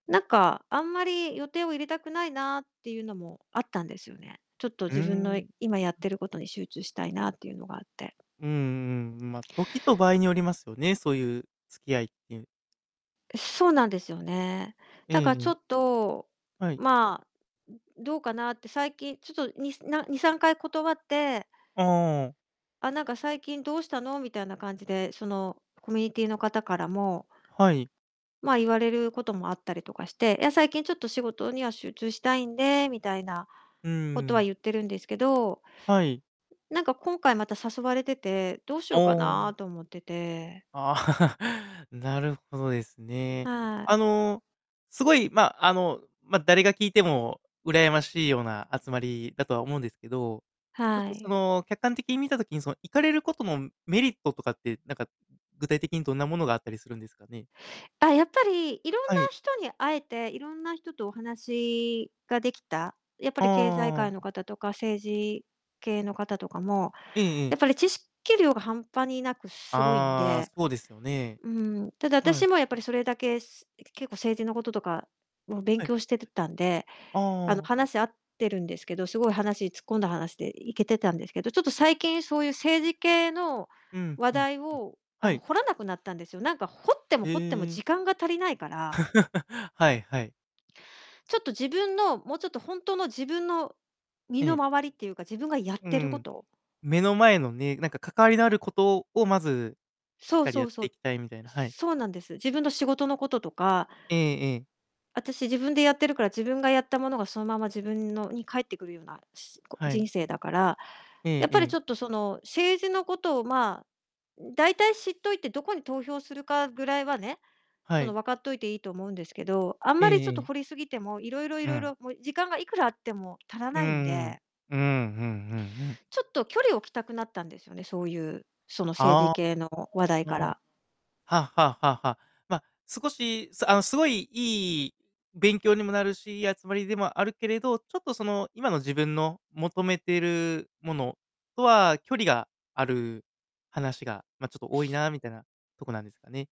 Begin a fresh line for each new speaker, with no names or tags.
なんか、あんまり予定を入れたくないなっていうのもあったんですよね。ちょっと
う
自分の
ん。
今やっていることに集中したいなっていうのがあって。
うんうんうん、ま、時と場合によりますよね、そういう付き合いっていう。
そうなんですよね。
え
だからちょ
え。
っと、
はい。
まあ、どうかなって最近ちょっとにな2、3回断って
ああ。
あ、なんか最近どうしたのみたいな感じで、そのコミュニティーの方からも
はい。
まあ、言われることもあったりとかして、いや最近ちょっと仕事には集中したいんで、みたいな
うー
ことは
ん。
言っているんですけど。
はい。
なんか今回また誘われてて、どうし
お
ようか
お。
なと思ってて。
なるほどですね。
はい。
あの、すごい、ま、あの、ま、誰が聞いても羨ましいような集まりだとは思うんですけど、ちょっ
は
とそ
い。
の客観的に見た時にその行かれることのメリットとかって、なんか、具体的にどんなものがあったりするんですかね。
あ、やっぱりいろん
は
な
い。
人に会えて、いろんな人とお話ができた。やっぱり経済
あ
界
あ。
の方とか、政治系の方とかも、
えええ
や
え。
っぱり知識量が半端になくすごいん
ああ、
で。
そうですよね。
うん。ただ
はい。
私もやっぱりそれだけ、結構政治のこととかを勉
はい。
強してたんで、
あ
あの
あ。
話し合ってるんですけど、すごい話突っ込んだ話で行けてたんですけど、ちょっと最近そういう政治系の
うん
話
うんうん、
題をあ
は
の
い。
掘らなくなったんですよ。なんか掘っても
へ
掘っても
え。
時間が足りないから。
はいはい。
ちょっと自分の、もうちょっと本当の自分の身
え
の
え。
回りっていうか、自分がやっ
う
てるこ
ん、
と。
目の前のね、なんか関わりのあることを、まずしっ
そう
かり
そ
やっ
うそ
てい
う。
きたいみたいな、はい。
そうなんです。自分の仕事のこととか。
ええええ。
私自分でやってるから、自分がやったものがそのまま自分のに返ってくるような、すこう
はい。
人生だから。
え
や
え
っぱ
え
り
え。
ちょっとその政治のことをまあ、だいたい知っといてどこに投票するかぐらいはね、
は
その
い。
分かっといていいと思うんですけど、あん
え
まり
え
ちょっと
ええ。
掘りすぎても、いろいろい
う
ろい
ん。
ろもう時間がいくらあっても足ら
うん
ないん
う
で。
ん。うんうんうんうん。
ちょっと距離を置きたくなったんですよね。そういう、その政治
あ
系の話題
あ、ああ
か
あ。
ら。
はあはあはあはあ、ま、少し、あの、すごいいい勉強にもなるし、集まりでもあるけれど、ちょっとその、今の自分の求めているものとは距離がある話が、ま、ちょっと多いなみたいなとこなんですかね。